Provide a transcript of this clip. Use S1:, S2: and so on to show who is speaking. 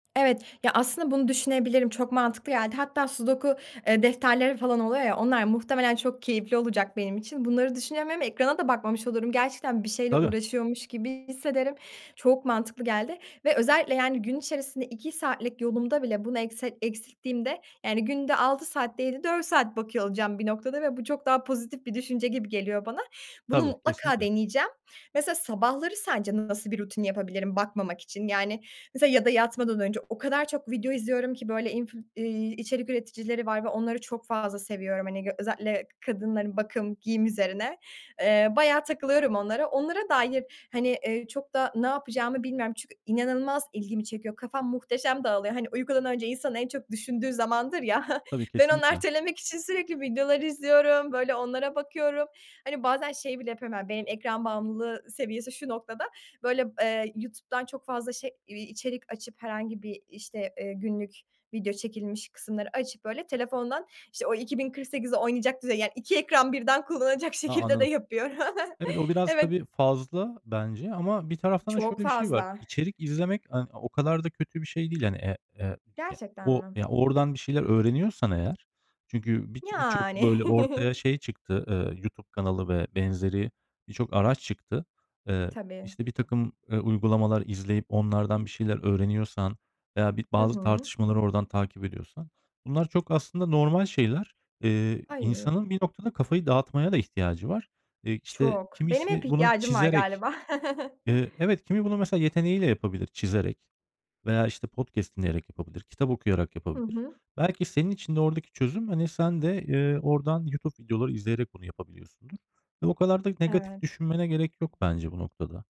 S1: Evet. Ya, aslında bunu düşünebilirim çok mantıklı geldi. Hatta sudoku, eee, defterleri falan oluyor ya onlar muhtemelen çok keyifli olacak benim için. Bunları. [unintelligible] Ekrana da bakmamış olurum. Gerçekten bir şeyle
S2: Tabii.
S1: uğraşıyormuş gibi hissederim. Çok mantıklı geldi. Ve özellikle yani gün içerisinde 2 saatlik yolumda bile bunu ekset eksilttiğimde yani günde 6 saat değil de 4 saat bakıyor olacağım bir noktada. Ve bu çok daha pozitif bir düşünce gibi geliyor bana. Bunu
S2: Tabii,
S1: mutlaka
S2: kesinlikle.
S1: deneyeceğim. Mesela sabahları sence nasıl bir rutin yapabilirim bakmamak için? Yani, mesela ya da yatmadan önce o kadar çok video izliyorum ki böyle inf ııı, içerik üreticileri var. Ve onları çok fazla seviyorum hani. Özellikle kadınların bakım, giyim üzerine. Eee, bayağı takılıyorum onlara. Onlara dair, hani, eee, çok da ne yapacağımı bilmiyorum çünkü inanılmaz ilgimi çekiyor. Kafam muhteşem dağılıyor. Hani uykudan önce insan en çok düşündüğü zamandır ya,
S2: Tabii,
S1: ben onu
S2: kesinlikle.
S1: ertelemek için sürekli videoları izliyorum, böyle onlara bakıyorum. Hani bazen şeyi bile yapıyorum, yani benim ekran bağımlılığı seviyesi şu noktada. Böyle, b eee, YouTube'dan çok fazla şey içerik açıp, herhangi bir işte, eee, günlük video çekilmiş kısımları açıp böyle telefondan işte o 2048'i oynayacak düzey, yani 2 ekran birden kullanacak
S2: A,
S1: şekilde de
S2: anladım.
S1: yapıyorum.
S2: Evet, o biraz
S1: Evet.
S2: tabii fazla bence ama bir taraftan da
S1: Çok
S2: şöyle bir şey var.
S1: fazla.
S2: İçerik izlemek, hani, o kadar da kötü bir şey değil. Yani, e e ya,
S1: Gerçekten
S2: o
S1: mi?
S2: ya, oradan bir şeyler öğreniyorsan eğer. Çünkü bi birçok
S1: Yani.
S2: böyle ortaya şey çıktı, ııı, YouTube kanalı ve benzeri birçok araç çıktı. Eee,
S1: Tabii.
S2: işte birtakım uygulamalar izleyip onlardan bir şeyler öğreniyorsan veya bir
S1: Hı
S2: bazı
S1: hı.
S2: tartışmaları oradan takip ediyorsan bunlar çok aslında normal şeyler. Eee,
S1: Ay.
S2: insanın bir noktada kafayı dağıtmaya da ihtiyacı var. Eee, işte
S1: Çok. Benim hep
S2: kimisi bunu
S1: ihtiyacım var
S2: çizerek,
S1: galiba.
S2: ııı, evet kimi bunu mesela yeteneği ile yapabilir çizerek veya işte podcast dinleyerek yapabilir, kitap okuyarak
S1: Hı
S2: yapabilir.
S1: hı.
S2: Belki senin için de oradaki çözüm, hani, sen de, eee, oradan YouTube videoları izleyerek bunu yapabiliyorsundur ve o kadar da negatif
S1: Evet.
S2: düşünmene gerek yok bence bu noktada.